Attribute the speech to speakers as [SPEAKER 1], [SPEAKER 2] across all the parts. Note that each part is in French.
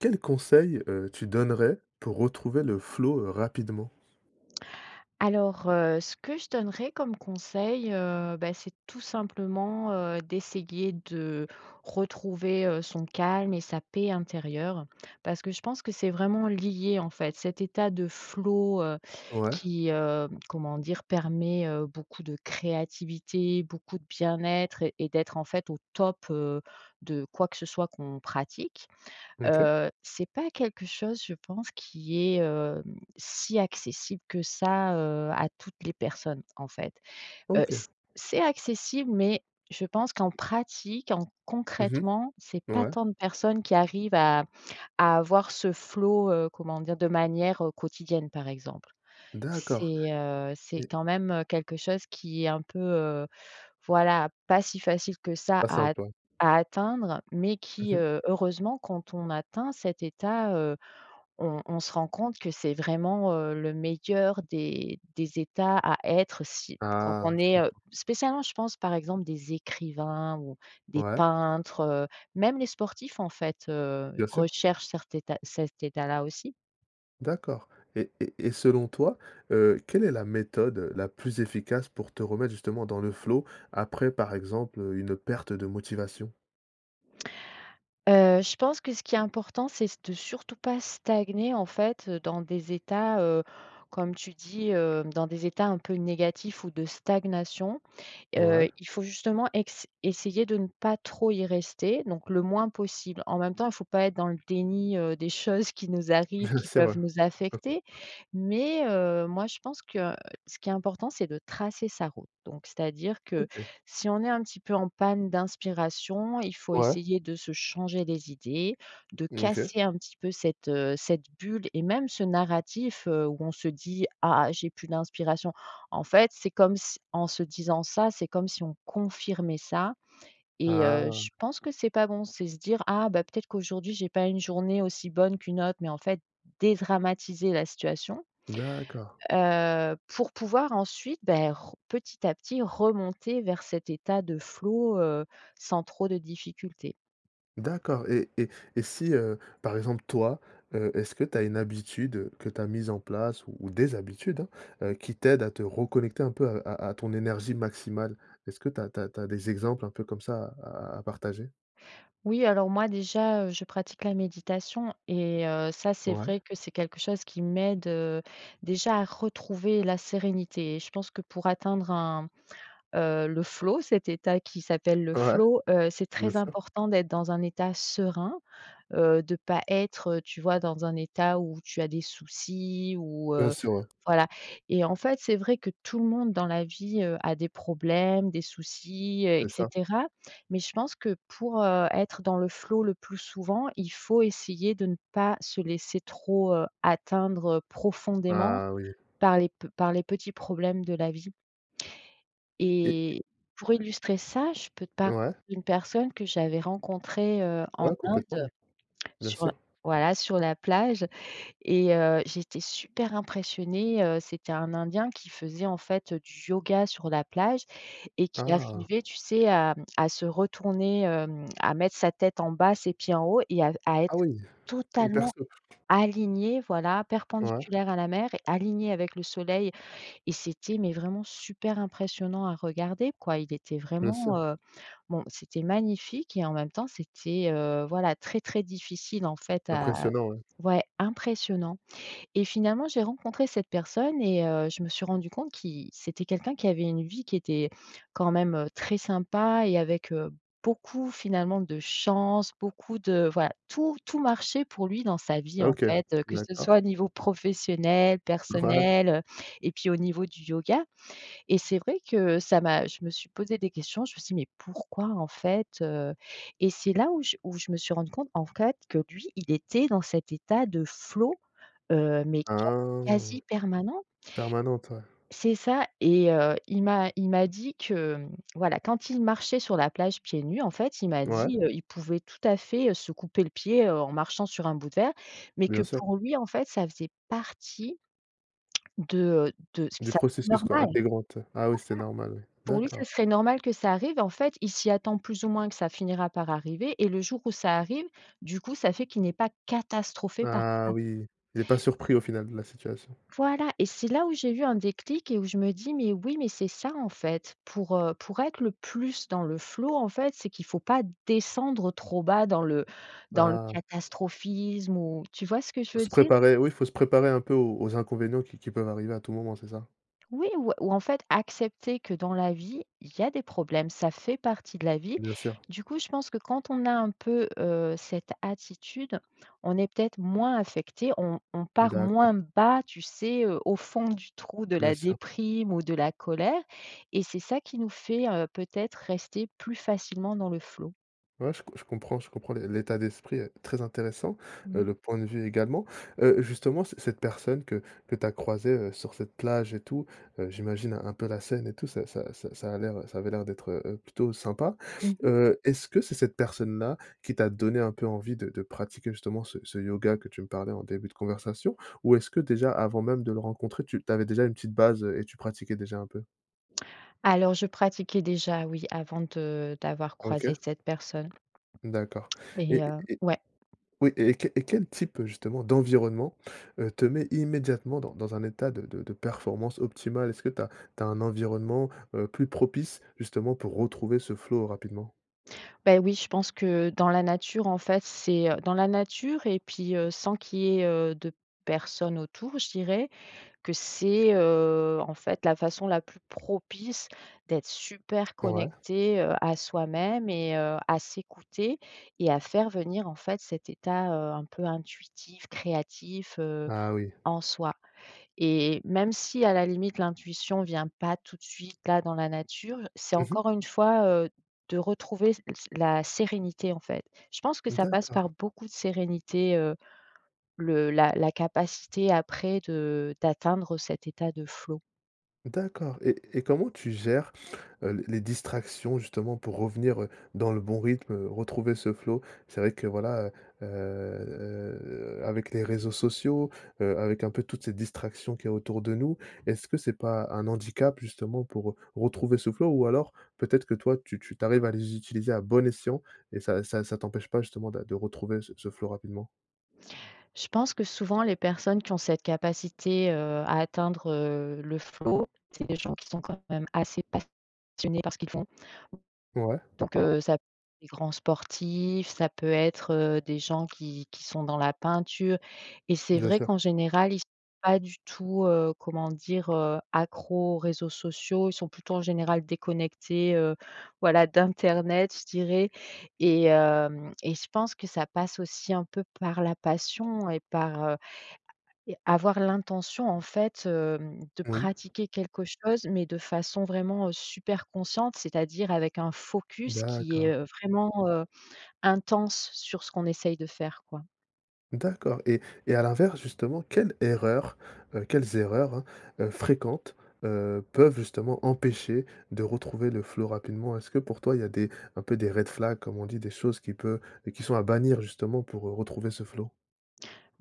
[SPEAKER 1] Quels conseils, heu, tu donnerais pour retrouver le flow, heu, rapidement?
[SPEAKER 2] Alors, heu, ce que je donnerais comme conseil, heu, bah, c'est tout simplement, heu, d'essayer de retrouver, heu, son calme et sa paix intérieure. Parce que je pense que c'est vraiment lié, en fait, cet état de flow, heu,
[SPEAKER 1] Ouais.
[SPEAKER 2] qui, heu, comment dire? Permet, heu, beaucoup de créativité, beaucoup de bien-être, et d'être en fait au top, heu, de quoi que ce soit qu'on pratique,
[SPEAKER 1] OK.
[SPEAKER 2] heu, c'est pas quelque chose je pense qui est, heu, si accessible que ça, heu, à toutes les personnes, en fait, heu,
[SPEAKER 1] OK.
[SPEAKER 2] c c'est accessible mais je pense qu'en pratique, en
[SPEAKER 1] Mmh
[SPEAKER 2] concrètement, c'est
[SPEAKER 1] mh.
[SPEAKER 2] pas
[SPEAKER 1] Ouais.
[SPEAKER 2] tant de personnes qui arrivent à à avoir ce flow, heu, comment dire? De manière quotidienne, par exemple.
[SPEAKER 1] D'accord.
[SPEAKER 2] C'est, heu, c'est
[SPEAKER 1] Et
[SPEAKER 2] quand même quelque chose qui est un peu, heu, voilà pas si facile que ça
[SPEAKER 1] Pas
[SPEAKER 2] à at
[SPEAKER 1] simple.
[SPEAKER 2] à atteindre mais qui,
[SPEAKER 1] Mmh mh.
[SPEAKER 2] heu, heureusement quand on atteint cet état, heu, on on se rend compte que c'est vraiment, heu, le meilleur des des états à être si quand
[SPEAKER 1] Ah,
[SPEAKER 2] on
[SPEAKER 1] je
[SPEAKER 2] est, heu,
[SPEAKER 1] comprends.
[SPEAKER 2] spécialement, je pense, par exemple, des écrivains ou des
[SPEAKER 1] Ouais.
[SPEAKER 2] peintres, heu, même les sportifs, en fait, heu,
[SPEAKER 1] Bien sûr.
[SPEAKER 2] recherchent cert état cet état-là aussi.
[SPEAKER 1] D'accord et et et selon toi, heu, quelle est la méthode la plus efficace pour te remettre justement dans le flow après par exemple, heu, une perte de motivation?
[SPEAKER 2] Heu, je pense que ce qui est important c'est c de surtout pas stagner, en fait, heu, dans des états, heu, comme tu dis, heu, dans des états un peu négatifs ou de stagnation,
[SPEAKER 1] Ouais.
[SPEAKER 2] heu, il faut justement ex essayer de ne pas trop y rester, donc le moins possible. En même temps, faut pas être dans le déni, heu, des choses qui nous arrivent, qui
[SPEAKER 1] C'est vrai!
[SPEAKER 2] peuvent nous affecter mais heu, moi, je pense que, ce qui est important c'est de tracer sa route, donc c'est-à-dire que,
[SPEAKER 1] OK.
[SPEAKER 2] si on est un petit peu en panne d'inspiration, il faut
[SPEAKER 1] Ouais.
[SPEAKER 2] essayer de se changer les idées, de
[SPEAKER 1] OK.
[SPEAKER 2] casser un petit peu cette, heu, cette bulle et même ce narratif, heu, où on se dit: «Ah! J'ai plus d'inspiration!», en fait, c'est comme si en se disant ça, c'est comme si on confirmait ça et heu,
[SPEAKER 1] Ah!
[SPEAKER 2] je pense que c'est pas bon, c'est se dire: «Ah, bah, peut-être qu'aujourd'hui j'ai pas eu une journée aussi bonne qu'une autre» mais en fait, dédramatiser la situation,
[SPEAKER 1] D'accord!
[SPEAKER 2] heu, pour pouvoir ensuite, bah, r petit à petit remonter vers cet état de flow, heu, sans trop de difficultés.
[SPEAKER 1] D'accord et et et si, heu, par exemple, toi, heu, est-ce que tu as une habitude que tu as mise en place ou des habitudes, hein, heu, qui t'aident à te reconnecter un peu à à à ton énergie maximale? Est-ce que tu as tu as tu as des exemples un peu comme ça à à à partager?
[SPEAKER 2] Oui, alors, moi, déjà, heu, je pratique la méditation et heu, ça, c'est
[SPEAKER 1] Ouais.
[SPEAKER 2] vrai que c'est quelque chose qui m'aide, heu, déjà, à retrouver la sérénité et je pense que pour atteindre un, heu, le flow, cet état qui s'appelle le
[SPEAKER 1] Ouais.
[SPEAKER 2] flow, heu, c'est
[SPEAKER 1] Bien
[SPEAKER 2] très
[SPEAKER 1] sûr.
[SPEAKER 2] important d'être dans un état serein, heu, de pas être, heu, tu vois, dans un état où tu as des soucis ou
[SPEAKER 1] Bien
[SPEAKER 2] heu
[SPEAKER 1] sûr, ouais.
[SPEAKER 2] voilà et en fait, c'est vrai que tout le monde dans la vie, heu, a des problèmes, des soucis, heu et
[SPEAKER 1] C'est ça.
[SPEAKER 2] cetera mais je pense que pour, heu, être dans le flow, le plus souvent, il faut essayer de ne pas se laisser trop, heu, atteindre, heu, profondément
[SPEAKER 1] Ah, oui!
[SPEAKER 2] par les p par les petits problèmes de la vie
[SPEAKER 1] Et
[SPEAKER 2] et pour illustrer ça, je peux te parler
[SPEAKER 1] Ouais?
[SPEAKER 2] d'une personne que j'avais rencontrée, heu, en
[SPEAKER 1] Ouais, complètement,
[SPEAKER 2] Inde,
[SPEAKER 1] ouais. Bien
[SPEAKER 2] sur
[SPEAKER 1] sûr.
[SPEAKER 2] voilà, sur la plage et heu, j'étais super impressionnée, heu, c'était un Indien qui faisait, en fait, heu, du yoga sur la plage et qui
[SPEAKER 1] Ah!
[SPEAKER 2] arrivait, tu sais, à, mmh, à se retourner, hem, à mettre sa tête en bas, ses pieds en haut et à à être
[SPEAKER 1] Ah, oui! Hyper
[SPEAKER 2] totalement
[SPEAKER 1] souple!
[SPEAKER 2] aligné, voilà,
[SPEAKER 1] Ouais.
[SPEAKER 2] perpendiculaire à la mer et aligné avec le soleil et c'était mais vraiment super impressionnant à regarder, quoi. Il était
[SPEAKER 1] Bien
[SPEAKER 2] vraiment,
[SPEAKER 1] sûr.
[SPEAKER 2] heu, bon, c'était magnifique et en même temps, c'était, heu, voilà, très, très difficile, en fait, à
[SPEAKER 1] Impressionnant, ouais.
[SPEAKER 2] ouais, impressionnant et finalement, j'ai rencontré cette personne et heu, je me suis rendue compte qu'il c'était quelqu'un qui avait une vie qui était, quand même, très sympa et avec, heu, beaucoup, finalement, de chance, beaucoup de voilà, tout, tout marchait pour lui, dans sa vie,
[SPEAKER 1] Ah,
[SPEAKER 2] en
[SPEAKER 1] OK.
[SPEAKER 2] fait, heu, que ce
[SPEAKER 1] D'accord.
[SPEAKER 2] soit au niveau professionnel,
[SPEAKER 1] Ouais.
[SPEAKER 2] personnel, heu et puis au niveau du yoga et c'est vrai que ça m'a je me suis posée des questions, je me suis dit: «Mais pourquoi, en fait?» heu et c'est là où je où je me suis rendue compte, en fait, que lui, il était dans cet état de flow, heu, mais qua
[SPEAKER 1] Ah,
[SPEAKER 2] quasi permanent.
[SPEAKER 1] permanente, ouais.
[SPEAKER 2] C'est ça et heu, il m'a il m'a dit que, mmh, voilà, quand il marchait sur la plage, pieds nus, en fait, il m'a
[SPEAKER 1] Ouais.
[SPEAKER 2] dit, heu, il pouvait, tout à fait, heu, se couper le pied, heu, en marchant sur un bout de verre mais que,
[SPEAKER 1] Bien sûr.
[SPEAKER 2] pour lui, en fait, ça faisait partie de, heu, de
[SPEAKER 1] Du
[SPEAKER 2] ça serait
[SPEAKER 1] processus,
[SPEAKER 2] normal.
[SPEAKER 1] quoi,
[SPEAKER 2] Voilà,
[SPEAKER 1] intégrante, ouais? Ah, oui, c'est normal, ouais.
[SPEAKER 2] pour lui,
[SPEAKER 1] D'accord.
[SPEAKER 2] ce serait normal que ça arrive et en fait, il s'y attend plus ou moins que ça finira par arriver et le jour où ça arrive, du coup, ça fait qu'il n'est pas catastrophé par
[SPEAKER 1] Ah,
[SPEAKER 2] ça.
[SPEAKER 1] oui. Il est pas surpris, au final, de la situation.
[SPEAKER 2] Voilà et c'est là où j'ai eu un déclic et où je me dis: «Mais oui, mais c'est ça, en fait, pour, heu, pour être le plus dans le flow en fait, c'est qu'il faut pas descendre trop bas dans le dans le
[SPEAKER 1] Ah.
[SPEAKER 2] catastrophisme ou», tu vois ce que
[SPEAKER 1] Faut
[SPEAKER 2] je veux
[SPEAKER 1] se
[SPEAKER 2] dire?
[SPEAKER 1] préparer, oui, faut se préparer un peu aux aux inconvénients qui qui peuvent arriver à tout moment, c'est ça?
[SPEAKER 2] Oui ou ou en fait, accepter que, dans la vie, il y a des problèmes. Ça fait partie de la vie,
[SPEAKER 1] Bien sûr.
[SPEAKER 2] du coup, je pense que quand on a un peu, heu, cette attitude, on est peut-être moins affecté. On on
[SPEAKER 1] Mmh
[SPEAKER 2] part
[SPEAKER 1] d'accord.
[SPEAKER 2] moins bas, tu sais, heu, au fond du trou de
[SPEAKER 1] Bien
[SPEAKER 2] la
[SPEAKER 1] sûr.
[SPEAKER 2] déprime ou de la colère et c'est ça qui nous fait, heu, peut-être rester plus facilement dans le flow.
[SPEAKER 1] Ouais, je co je comprends, je comprends l'é l'état d'esprit est très intéressant,
[SPEAKER 2] Mmh
[SPEAKER 1] heu,
[SPEAKER 2] mh.
[SPEAKER 1] le point de vue, également, heu, justement, c cette personne que que tu as croisée, heu, sur cette plage et tout, heu, j'imagine un peu la scène et tout, ça ça ça ça a l'air, heu, ça avait l'air d'être, heu heu, plutôt sympa,
[SPEAKER 2] Mmh mh.
[SPEAKER 1] heu, est-ce que c'est cette personne-là qui t'a donné un peu envie de de pratiquer, justement, ce ce yoga que tu me parlais en début de conversation ou est-ce que, déjà, avant même de le rencontrer, tu tu avais déjà une petite base, heu et tu pratiquais déjà un peu?
[SPEAKER 2] Alors je pratiquais déjà, oui, avant de d'avoir croisé
[SPEAKER 1] OK.
[SPEAKER 2] cette personne
[SPEAKER 1] D'accord
[SPEAKER 2] et
[SPEAKER 1] et
[SPEAKER 2] heu,
[SPEAKER 1] et
[SPEAKER 2] ouais.
[SPEAKER 1] oui et quel et quel type, heu, justement, d'environnement, heu, te met immédiatement dans dans un état de de de performance optimale? Est-ce que tu as tu as un environnement, heu, plus propice, justement, pour retrouver ce flow rapidement?
[SPEAKER 2] Bah, oui, je pense que, dans la nature, en fait, c'est, heu, dans la nature et puis, heu, sans qu'il y ait, heu, de personnes autour, je dirais, que c'est, heu, en fait, la façon la plus propice d'être super
[SPEAKER 1] Ouais.
[SPEAKER 2] connecté, heu, à soi-même et heu, à s'écouter et à faire venir, en fait, cet état, heu, un peu intuitif, créatif, heu,
[SPEAKER 1] Ah, oui.
[SPEAKER 2] en soi et même si, à la limite, l'intuition vient pas tout suite, là, dans la nature, c'est
[SPEAKER 1] Mmh mh.
[SPEAKER 2] encore une fois, heu, de retrouver la sérénité, en fait. Je pense que ça passe par
[SPEAKER 1] D'accord.
[SPEAKER 2] beaucoup de sérénité, heu, le la la capacité après de d'atteindre cet état de flow.
[SPEAKER 1] D'accord et et comment tu gères, heu, l les distractions justement, pour revenir, heu, dans le bon rythme, heu, retrouver ce flow? C'est vrai que, voilà, heu heu heu, avec les réseaux sociaux, heu, avec, un peu, toutes ces distractions qu'il y a autour de nous, est-ce que c'est pas un handicap justement, pour, heu, retrouver ce flow ou alors peut-être que toi, tu tu tu arrives à les utiliser à bon escient et ça ça ça t'empêche pas, justement, d'a de retrouver ce ce flow rapidement?
[SPEAKER 2] Je pense que souvent, les personnes qui ont cette capacité, heu, à atteindre, heu, le flow, c'est des gens qui sont quand même assez passionnés par ce qu'ils font,
[SPEAKER 1] Ouais.
[SPEAKER 2] donc heu, ça les grands sportifs, ça peut être, heu, des gens qui qui sont dans la peinture et c'est
[SPEAKER 1] Bien
[SPEAKER 2] vrai
[SPEAKER 1] sûr.
[SPEAKER 2] qu'en général, ils sont pas du tout, heu, comment dire, heu, accros aux réseaux sociaux. Ils sont plutôt, en général, déconnectés, heu, voilà, d'internet, je dirais et hem et je pense que ça passe aussi, un peu, par la passion et par, heu, et avoir l'intention, en fait, hem, de
[SPEAKER 1] Oui.
[SPEAKER 2] pratiquer quelque chose mais de façon, vraiment, heu, super consciente, c'est-à-dire avec un focus qui est,
[SPEAKER 1] D'accord.
[SPEAKER 2] heu, vraiment, heu, intense sur ce qu'on essaye de faire, quoi.
[SPEAKER 1] D'accord, et- et à l'inverse justement, quelle erreur, heu, quelles erreurs, hein, fréquentes, heu, peuvent justement empêcher de retrouver le flow rapidement? Est-ce que pour toi, il y a des un peu des red flags comme on dit, des choses qui peut qui sont à bannir justement, pour, heu, retrouver ce flow?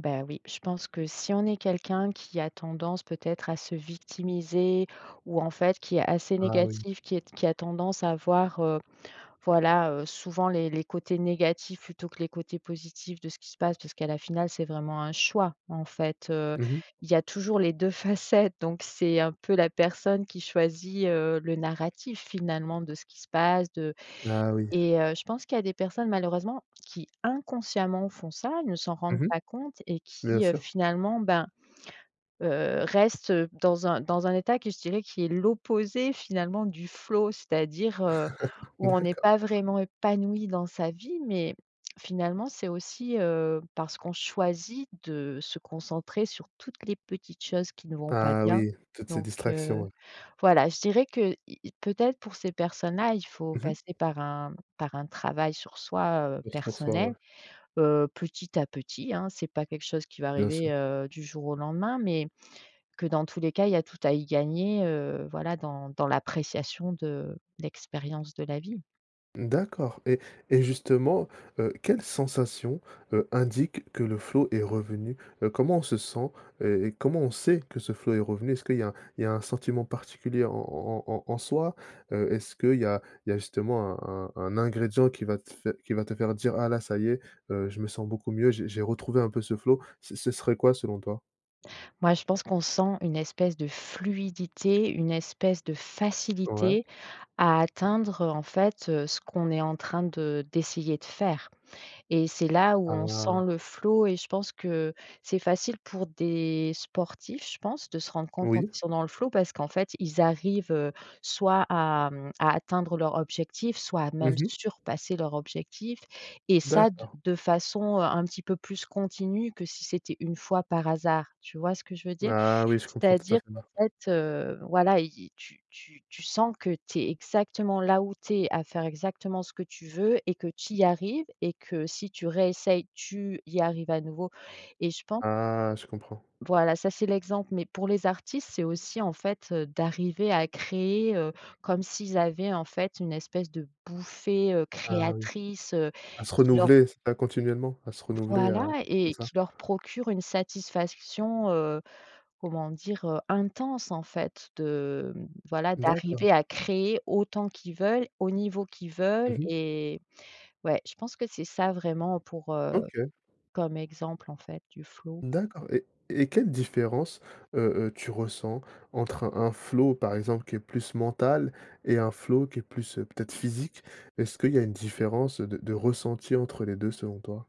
[SPEAKER 2] Bah, oui, je pense que si on est quelqu'un qui a tendance peut-être à se victimiser, ou en fait qui est assez
[SPEAKER 1] Ah oui!
[SPEAKER 2] négatif, qui est t qui a tendance à voir, heu, voilà, heu, souvent les les côtés négatifs plutôt que les côtés positifs de ce qui se passe. Puisque à la finale, c'est vraiment un choix en fait, heu,
[SPEAKER 1] Mmh mh.
[SPEAKER 2] il y a toujours les 2 facettes donc c'est un peu la personne qui choisit, heu, le narratif finalement de ce qui se passe de
[SPEAKER 1] Ah oui!
[SPEAKER 2] et heu, je pense qu'il y a des personnes malheureusement qui, inconsciemment font ça, ne s'en rendent
[SPEAKER 1] Mmh mh,
[SPEAKER 2] pas compte et
[SPEAKER 1] bien
[SPEAKER 2] qui, heu,
[SPEAKER 1] sûr.
[SPEAKER 2] finalement ben, heu, restent dans un dans un état que je dirais, qui est l'opposé finalement du flow. C'est-à-dire, heu, où on n'est
[SPEAKER 1] D'accord.
[SPEAKER 2] pas vraiment épanouis dans sa vie. Mais, finalement c'est aussi, heu, parce qu'on choisit de se concentrer sur toutes les petites choses qui ne vont pas
[SPEAKER 1] Ah
[SPEAKER 2] bien.
[SPEAKER 1] oui, toutes ces
[SPEAKER 2] Donc
[SPEAKER 1] distractions,
[SPEAKER 2] heu,
[SPEAKER 1] ouais.
[SPEAKER 2] voilà, je dirais que, y y peut-être pour ces personnes là, il faut
[SPEAKER 1] Mmh mh.
[SPEAKER 2] passer par un par un travail sur soi, heu,
[SPEAKER 1] Plus pour ça, ouais.
[SPEAKER 2] personnel, heu, petit à petit hein, c'est pas quelque chose qui va
[SPEAKER 1] Bien
[SPEAKER 2] arriver,
[SPEAKER 1] sûr.
[SPEAKER 2] heu, du jour au lendemain, mais que dans tous les cas, il y a tout à y gagner, heu, voilà dans dans l'appréciation de l'expérience de la vie.
[SPEAKER 1] D'accord. Et et justement, heu, quelles sensations, heu, indiquent que le flow est revenu? Heu, comment on se sent? Heu, et comment on sait que ce flow est revenu? Est-ce que, qu'il y a il y a un sentiment particulier en en en en soi? Heu, est-ce qu'il y a il y a justement un un un ingrédient qui va te fai qui va te faire dire ah là, ça y est, heu, je me sens beaucoup mieux, je, j'ai retrouvé un peu ce flow, ce ce serait quoi selon toi?
[SPEAKER 2] Moi je pense qu'on sent une espèce de fluidité, une espèce de
[SPEAKER 1] Ouais.
[SPEAKER 2] facilité à atteindre en fait, heu, ce qu'on est en train de d'essayer de faire. Et c'est là où on
[SPEAKER 1] Ah!
[SPEAKER 2] sent le flow et je pense que, c'est facile pour des sportifs, je pense, de se rendre compte quand
[SPEAKER 1] Oui.
[SPEAKER 2] ils sont dans le flow parce qu'en fait ils arrivent, heu, soit à, mmh, à atteindre leur objectif, soit
[SPEAKER 1] Mmh
[SPEAKER 2] même
[SPEAKER 1] mh.
[SPEAKER 2] surpasser leur objectif et ça, d
[SPEAKER 1] D'accord.
[SPEAKER 2] de façon un petit peu plus continue que si c'était une fois par hasard, tu vois ce que je veux dire?
[SPEAKER 1] Ah oui, je comprends
[SPEAKER 2] C'est-à-dire
[SPEAKER 1] tout-à-fait main
[SPEAKER 2] qu'en fait, heu, voilà y, tu tu tu sens que tu es exactement là où tu es, à faire exactement ce que tu veux et que tu y arrives et que si tu réessayes, tu y arrives à nouveau et je pen
[SPEAKER 1] Ah, je comprends!
[SPEAKER 2] voilà, ça c'est l'exemple, mais pour les artistes, c'est aussi, en fait, heu, d'arriver à créer, heu, comme s'ils avaient, en fait, une espèce de bouffée, heu,
[SPEAKER 1] Ah oui,
[SPEAKER 2] créatrice, heu,
[SPEAKER 1] à se
[SPEAKER 2] qui leur
[SPEAKER 1] renouveler, c'est ça, continuellement, à se renouveler,
[SPEAKER 2] Voilà
[SPEAKER 1] à c'est
[SPEAKER 2] et
[SPEAKER 1] ça?
[SPEAKER 2] qui leur procure une satisfaction, heu, comment dire? Heu, intense en fait de mmh, voilà
[SPEAKER 1] D'accord.
[SPEAKER 2] d'arriver à créer autant qu'ils veulent, au niveau qu'ils veulent,
[SPEAKER 1] Mmh mh.
[SPEAKER 2] et ouais je pense que c'est ça vraiment pour, heu,
[SPEAKER 1] OK.
[SPEAKER 2] comme exemple en fait du flow.
[SPEAKER 1] D'accord. Et et quelle différence, heu heu, tu ressens entre un un flow, par exemple, qui est plus mental et un flow qui est plus, peut-être physique? Est-ce qu'il y a une différence de de ressenti entre les 2 selon toi?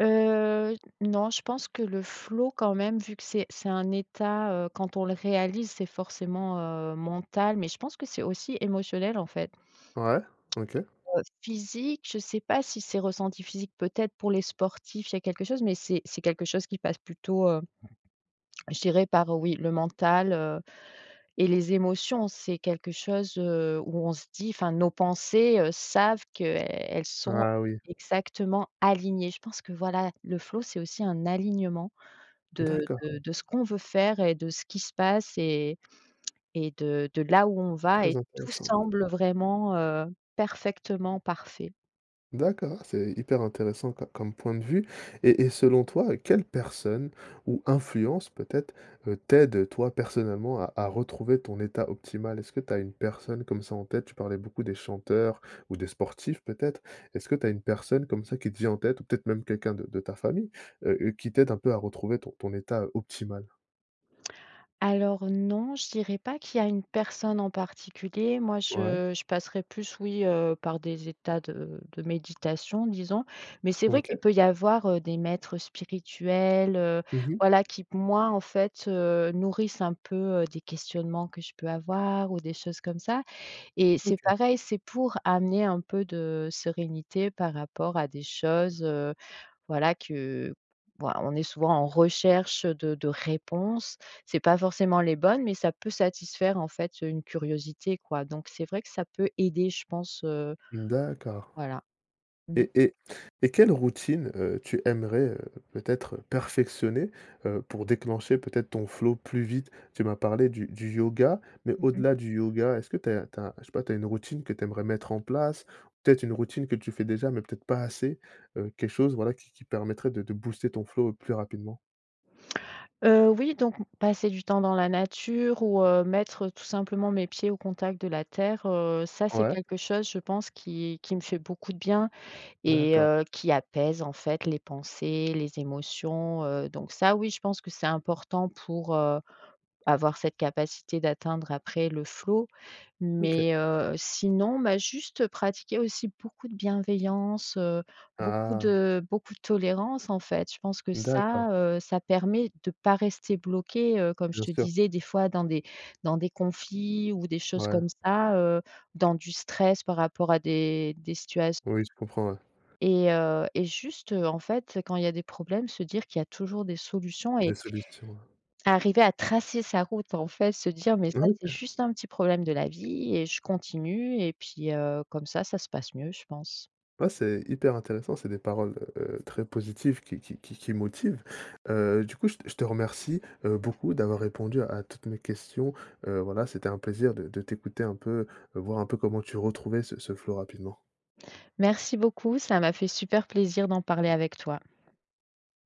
[SPEAKER 2] Heu, j n non, je pense que le flow quand même vu que c'est c'est un état, heu, quand on le réalise c'est forcément, heu, mental mais je pense que c'est aussi émotionnel en fait.
[SPEAKER 1] Ouais, OK.
[SPEAKER 2] Heu, physique je sais pas si c'est ressenti physique peut-être pour les sportifs il y a quelque chose, mais c'est c'est quelque chose qui passe plutôt, heu, je dirais par oui le mental, heu, et les émotions, c'est quelque chose, heu, où on se dit, enfin nos pensées, heu, savent que, elles sont
[SPEAKER 1] Ah oui!
[SPEAKER 2] exactement alignées. Je pense que voilà, le flow c'est aussi un alignement de
[SPEAKER 1] D'accord.
[SPEAKER 2] de de ce qu'on veut faire et de ce qui se passe et et de de là où on va
[SPEAKER 1] Très
[SPEAKER 2] et tout
[SPEAKER 1] intéressant.
[SPEAKER 2] semble vraiment, heu, parfaitement parfait.
[SPEAKER 1] D'accord, c'est hyper intéressant co comme point de vue et et selon toi, heu, quelle personne ou influence peut-être, heu, t'aide toi personnellement à à retrouver ton état optimal? Est-ce que tu as une personne comme ça en tête? Tu parlais beaucoup des chanteurs ou des sportifs peut-être. Est-ce que tu as une personne comme ça qui te vient en tête, ou peut-être même quelqu'un de de ta famille? Heu, heu, qui t'aide un peu à retrouver ton ton état, heu, optimal?
[SPEAKER 2] Alors non, je dirais pas qu'il y a une personne en particulier, moi
[SPEAKER 1] Ouais.
[SPEAKER 2] je je passerai plus oui, heu, par des états de de méditation disons, mais c'est vrai
[SPEAKER 1] OK.
[SPEAKER 2] qu'il peut y avoir, heu, des maîtres spirituels, heu,
[SPEAKER 1] Mmh mh.
[SPEAKER 2] voilà qui p moi en fait, heu, nourrissent un peu, heu, des questionnements que je peux avoir ou des choses comme ça, et c'est
[SPEAKER 1] OK.
[SPEAKER 2] pareil, c'est pour amener un peu de sérénité par rapport à des choses, heu, voilà que voi on est souvent en recherche, heu, de de réponses, c'est pas forcément les bonnes mais ça peut satisfaire en fait, heu, une curiosité quoi donc c'est vrai que ça peut aider je pense, heu,
[SPEAKER 1] D'accord,
[SPEAKER 2] voilà. Mmh.
[SPEAKER 1] et et et quelle routine, heu, tu aimerais, heu, peut-être perfectionner, heu, pour déclencher peut-être ton flow plus vite. Tu m'as parlé du du yoga, mais
[SPEAKER 2] Mmh mh.
[SPEAKER 1] au-delà du yoga, est-ce que tu as tu as, je sais pas, tu as une routine que tu aimerais mettre en place? Peut-être une routine que tu fais déjà, mais peut-être pas assez. Heu, quelque chose, voilà, qui qui permettrait de de booster ton flow plus rapidement?
[SPEAKER 2] Heu, oui donc m passer du temps dans la nature ou heu, mettre tout simplement mes pieds au contact de la terre, heu, ça c'est
[SPEAKER 1] Ouais.
[SPEAKER 2] quelque chose je pense qui qui me fait beaucoup de bien et
[SPEAKER 1] D'accord.
[SPEAKER 2] heu, qui apaise en fait les pensées, les émotions, heu, donc ça oui je pense que c'est important pour, heu, avoir cette capacité d'atteindre après le flow,
[SPEAKER 1] OK.
[SPEAKER 2] mais heu, sinon, bah, juste pratiquer aussi beaucoup de bienveillance, heu, beaucoup
[SPEAKER 1] Ah.
[SPEAKER 2] de beaucoup de tolérance en fait, je pense que
[SPEAKER 1] D'accord.
[SPEAKER 2] ça, heu, ça permet de pas rester bloqué, heu, comme je
[SPEAKER 1] Bien
[SPEAKER 2] te
[SPEAKER 1] sûr.
[SPEAKER 2] disais des fois dans des dans des conflits ou des choses
[SPEAKER 1] Ouais.
[SPEAKER 2] comme ça, heu, dans du stress par rapport à des des situat
[SPEAKER 1] Oui, je comprends, ouais.
[SPEAKER 2] et heu, et juste, en fait, quand il y a des problèmes, se dire qu'il y a toujours des solutions,
[SPEAKER 1] Des
[SPEAKER 2] et
[SPEAKER 1] solutions.
[SPEAKER 2] arriver à tracer sa route en fait. Se dire «Mais ça c'est
[SPEAKER 1] OK.
[SPEAKER 2] juste un petit problème de la vie et je continue.» et puis, heu, comme ça, ça se passe mieux je pense.
[SPEAKER 1] Ah, c'est hyper intéressant, c'est des paroles, heu, très positives, qui qui qui qui motivent, heu, du coup, je te je te remercie, heu, beaucoup d'avoir répondu à toutes mes questions, heu, voilà, c'était un plaisir de de t'écouter un peu, voir un peu comment tu retrouvais ce ce flow rapidement.
[SPEAKER 2] Merci beaucoup, ça m'a fait super plaisir d'en parler avec toi.